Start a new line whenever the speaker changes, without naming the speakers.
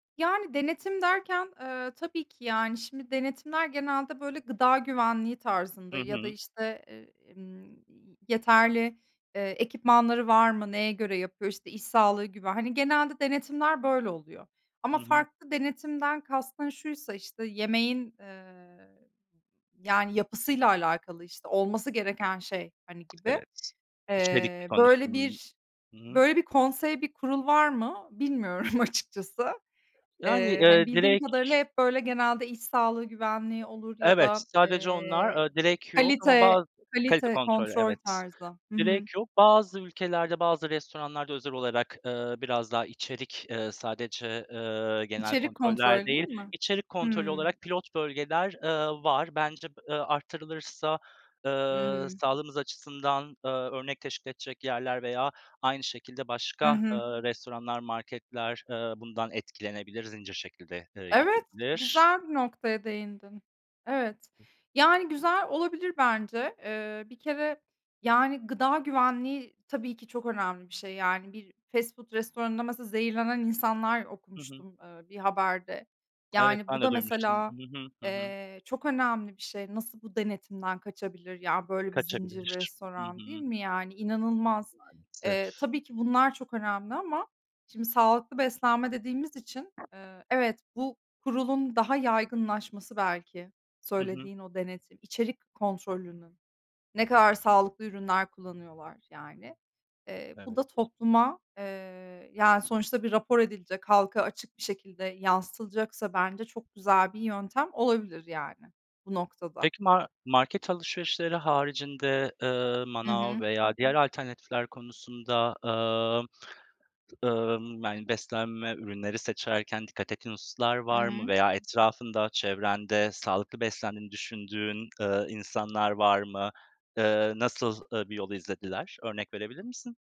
Yani, denetim derken, eee, tabii ki, yani, şimdi denetimler genelde, böyle, gıda güvenliği
Hı
tarzında ya da,
hı.
işte, eee, emm, yeterli, eee, ekipmanları var mı, neye göre yapıyor, işte, iş sağlığı güve hani, genelde denetimler böyle oluyor.
Hı
Ama
hı.
farklı denetimden kastın şuysa: İşte, yemeğin, eee, yani, yapısıyla alakalı, işte, olması gereken şey, hani, gibi.
Evet, içerik
Eee, böyle
konusunun
bir,
Hı hı.
böyle bir konsey, bir kurul var mı, bilmiyorum açıkçası.
Yani,
Eee, hani,
eee,
bildiğim
direk
kadarıyla hep, böyle, genelde iş sağlığı güvenliği olur ya
Evet,
da,
sadece onlar,
eee,
eee, direk yok ama
kalite
bazı kalite
kalite
kontrolü,
kontrol
evet,
tarzı. Hı hı.
direk yok. Bazı ülkelerde, bazı restoranlarda özel olarak, eee, biraz daha içerik, eee, sadece, eee, genel
İçerik
kontroller
kontrolü değil
değil,
mi?
içerik kontrolü
Hıı.
olarak pilot bölgeler, eee, var. Bence b eee, arttırılırsa,
Hı
eee,
hı.
sağlığımız açısından, eee, örnek teşkil edecek yerler veya aynı şekilde
Hı
başka, eee,
hı.
restoranlar, marketler, eee, bundan etkilenebilir, zincir şekilde, eee,
Evet,
gidebilir.
güzel bir noktaya değindin. Evet, yani, güzel olabilir bence. Eee, bir kere, yani, gıda güvenliği tabii ki çok önemli bir şey. Yani, bir fast food restoranında mesela zehirlenen insanlar
Hı hı.
okumuştum, eee, bir haberde.
Evet,
Yani,
ben
bu
de
da
duymuştum.
mesela,
Hı hı, hı hı.
eee, çok önemli bir şey. Nasıl bu denetimden kaçabilir? Ya, böyle, bir zincir
Kaçabilir. Hı
restoran değil
hı.
mi? Yani, inanılmaz. Eee,
Maalesef.
tabii ki bunlar çok önemli ama şimdi sağlıklı beslenme dediğimiz için, eee, evet, bu kurulun daha yaygınlaşması, belki
Hı hı.
söylediğin o denetim içerik kontrolünün. Ne kadar sağlıklı ürünler kullanıyorlar, yani. Eee, bu
Evet.
da topluma, eee, yani, sonuçta bir rapor edilecek, halka açık bir şekilde yansıtılacaksa bence çok güzel bir yöntem olabilir, yani, bu noktada.
Peki mar market alışverişleri haricinde, eee,
Hı
manav
hı.
veya diğer alternatifler konusunda, eee, ımm, yani beslenme ürünleri seçerken dikkat ettiğin hususlar
Hı
var mı
hı.
veya etrafında, çevrende sağlıklı beslendiğini düşündüğün, eee, insanlar var mı? Eee, nasıl, eee, bir yol izlediler? Örnek verebilir misin?